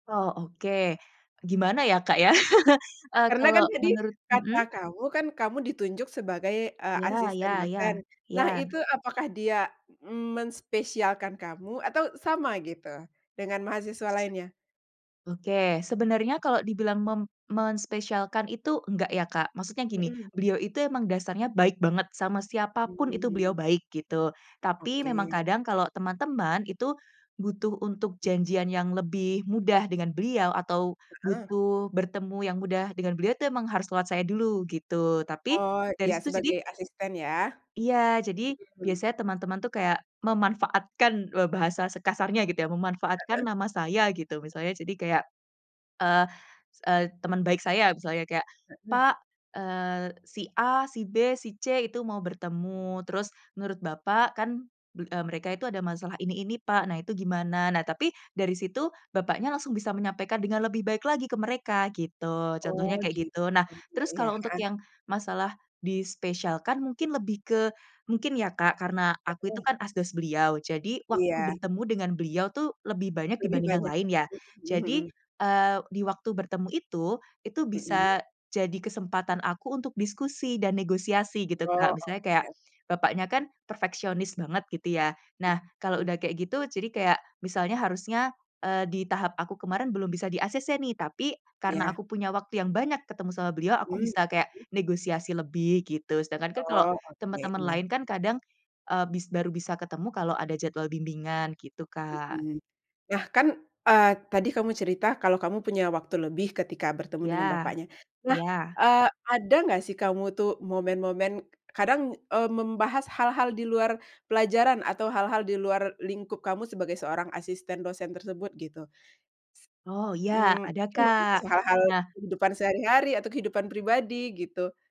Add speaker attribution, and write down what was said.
Speaker 1: Oh oke, gimana ya Kak ya, eee,
Speaker 2: Karena
Speaker 1: kalo
Speaker 2: kan tadi,
Speaker 1: menurut,
Speaker 2: kata
Speaker 1: mhm.
Speaker 2: kamu kan kamu ditunjuk sebagai, eee,
Speaker 1: Iya ya
Speaker 2: asisten
Speaker 1: ya
Speaker 2: dosen nah
Speaker 1: ya.
Speaker 2: itu apakah dia menspesialkan kamu? Atau sama gitu, dengan mahasiswa
Speaker 1: Se
Speaker 2: lainnya?
Speaker 1: oke sebenarnya kalau dibilang mem menspesialkan itu enggak ya Kak maksudnya gini
Speaker 2: Mhm.
Speaker 1: beliau itu emang dasarnya baik banget sama siapa
Speaker 2: Mmm,
Speaker 1: pun itu beliau
Speaker 2: mhm.
Speaker 1: baik gitu tapi memang
Speaker 2: Oke.
Speaker 1: kadang kalau teman-teman itu, butuh untuk janjian yang lebih mudah dengan beliau atau
Speaker 2: Heeh.
Speaker 1: butuh bertemu yang mudah dengan beliau itu memang harus lewat saya dulu gitu tapi,
Speaker 2: Oh
Speaker 1: dari
Speaker 2: iya
Speaker 1: situ jadi
Speaker 2: sebagai asisten ya?
Speaker 1: Iya jadi
Speaker 2: Mhm.
Speaker 1: biasanya teman-teman tuh kayak memanfaatkan loh bahasa sekasarnya gitu ya memanfaatkan
Speaker 2: Heeh.
Speaker 1: nama saya gitu misalnya jadi kayak, eee eee, teman baik saya misalnya kayak,
Speaker 2: Heeh.
Speaker 1: Pak, eee, si A, si B, si C, itu mau bertemu terus menurut Bapak kan be eee, mereka itu ada masalah ini ini pak nah itu gimana? Nah tapi dari situ bapaknya langsung bisa menyampaikan dengan lebih baik lagi ke mereka gitu contohnya
Speaker 2: Oh
Speaker 1: kayak
Speaker 2: gitu
Speaker 1: gitu nah terus
Speaker 2: iya,
Speaker 1: kalau untuk
Speaker 2: heeh.
Speaker 1: yang masalah dispesialkan mungkin lebih ke, mungkin ya Kak karena aku itu
Speaker 2: Heeh.
Speaker 1: kan asdos beliau jadi waktu
Speaker 2: Iya.
Speaker 1: bertemu dengan beliau tuh lebih banyak
Speaker 2: Lebih
Speaker 1: dibanding yang
Speaker 2: banyak ya?
Speaker 1: lain ya
Speaker 2: Mmm,
Speaker 1: jadi,
Speaker 2: mhm.
Speaker 1: eee, diwaktu bertemu itu itu
Speaker 2: Mhm.
Speaker 1: bisa, jadi kesempatan aku untuk diskusi dan negosiasi gitu Kak
Speaker 2: Oh
Speaker 1: misalnya kayak,
Speaker 2: oke.
Speaker 1: bapaknya kan perfeksionis banget gitu ya nah kalau
Speaker 2: Mhm.
Speaker 1: udah kayak gitu jadi kayak misalnya harusnya, eee, di tahap aku kemarin belum bisa di-acc nih tapi karena
Speaker 2: Iya.
Speaker 1: aku punya waktu yang banyak ketemu sama beliau
Speaker 2: Mhm
Speaker 1: aku bisa
Speaker 2: mhm.
Speaker 1: kayak negosiasi lebih gitu sedangkan kan kalau
Speaker 2: Oh oke
Speaker 1: teman-teman
Speaker 2: iya.
Speaker 1: lain kan kadang, eee, bis baru bisa ketemu kalau ada jadwal bimbingan gitu, Kak.
Speaker 2: Mhm, nah kan, eee, tadi kamu cerita kalau kamu punya waktu lebih ketika bertemu dengan
Speaker 1: Iya
Speaker 2: bapaknya nah,
Speaker 1: iya.
Speaker 2: eee, ada nggak sih kamu tuh momen-momen kadang, eee, membahas hal-hal di luar pelajaran atau hal-hal di luar lingkup kamu sebagai seorang asisten dosen tersebut gitu?
Speaker 1: Oh iya
Speaker 2: Ss mmm,
Speaker 1: ada
Speaker 2: mungkin ngobrol
Speaker 1: Kak
Speaker 2: soal hal-hal
Speaker 1: nah.
Speaker 2: kehidupan sehari-hari atau kehidupan pribadi gitu.